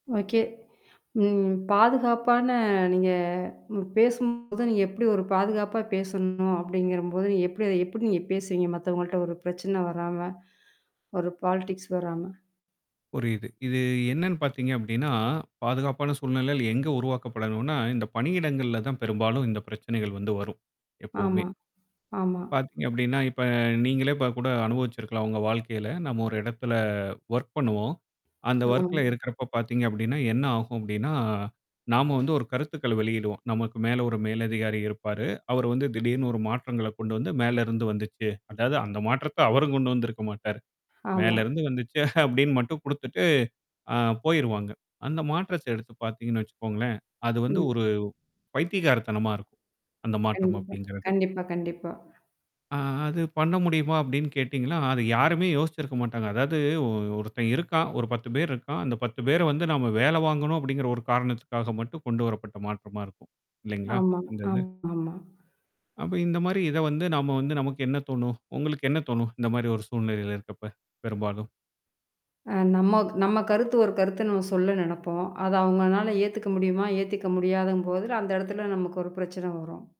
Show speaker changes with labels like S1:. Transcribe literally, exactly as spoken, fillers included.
S1: Okay. ம் பாதுகாப்பான நீங்க பேசும்போது நீங்க எப்படி ஒரு பாதுகாப்பா பேசணும் அப்படிங்கிறும்போது எப் எப்படி நீங்க எப்படி அத எப்படி நீங்க பேசுவீங்க? மத்தவங்கள்ட்ட ஒரு பிரச்சனை வராம. ஒரு பாலிடிக்ஸ் வராம.
S2: புரியுது. இது என்னன்னு பார்த்தீங்க அப்படின்னா, பாதுகாப்பான சூழ்நிழல் எங்க உருவாக்கப்படணும்னா, இந்த பணியிடங்கள்ல தான் பெரும்பாலும் இந்த பிரச்சனைகள் வந்து வரும். எப்பவுமே.
S1: ஆமா. ஆமா.
S2: பார்த்தீங்க அப்டின்னா, இப்ப நீங்களே இப்ப கூட அனுபவிச்சிருக்கலாம் உங்க வாழ்க்கையில. நம்ம ஒரு இடத்துல ஓர்க் பண்ணுவோம். அந்த
S1: ஆமா.
S2: ஓர்க்ல இருக்கிறப்ப பார்த்தீங்க அப்டின்னா, என்ன ஆகும் அப்டின்னா. நாம வந்து ஒரு கருத்துக்கள வெளியிடுவோம். நமக்கு மேல ஒரு மேலதிகாரி இருப்பாரு. அவரு வந்து திடீர்னு ஒரு மாற்றங்கள்ல கொண்டு வந்து மேல இருந்து வந்துச்சு. அதாவது அந்த மாற்றத்த அவரும் கொண்டு வந்திருக்க மாட்டாரு.
S1: ஹாமா.
S2: மேல இருந்து வந்துச்சு அப்படின்னு மட்டும் குடுத்துட்டு. ஆ போயிருவாங்க. அந்த மாற்றத்த எடுத்து பார்த்தீங்கன்னு வச்சுக்கோங்களேன். அது வந்து
S1: ம்.
S2: ஒரு பைத்திகாரத்தனமா இருக்கும். அந்த மாற்றம்
S1: கண்டிப்பா
S2: அப்படிங்கிறது.
S1: கண்டிப்பா கண்டிப்பா.
S2: அ அது பண்ண முடியுமா? அப்டின்னு கேட்டீங்கன்னா, அது யாருமே யோசிச்சிருக்க மாட்டாங்க. அதாவது ஒ ஒருத்தன் இருக்கான். ஒரு பத்து பேர் இருக்கான். அந்த பத்து பேர வந்து நாம வேல வாங்கணும் அப்படிங்கிற ஒரு காரணத்துக்காக மட்டும் கொண்டு வரப்பட்ட மாற்றமா இருக்கும். இல்லைங்களா?
S1: ஆமா,
S2: இந்த இது?
S1: ஆமாம்மா.
S2: அப்ப இந்த மாரி இத வந்து நாம வந்து நமக்கு என்ன தோணும்? உங்களுக்கு என்ன தோணும்? இந்த மாரி ஒரு சூழ்நிலையில இருக்கறப்ப பெரும்பாலும்.
S1: அ நம்ம நம்ம கருத்து ஒரு கருத்த நம்ம சொல்ல நெனப்போம். அது அவங்கனால ஏத்துக்க முடியுமா, ஏத்துக்க முடியாதங்போது, அந்த இடத்துல நமக்கு ஒரு பிரச்சன வரும்.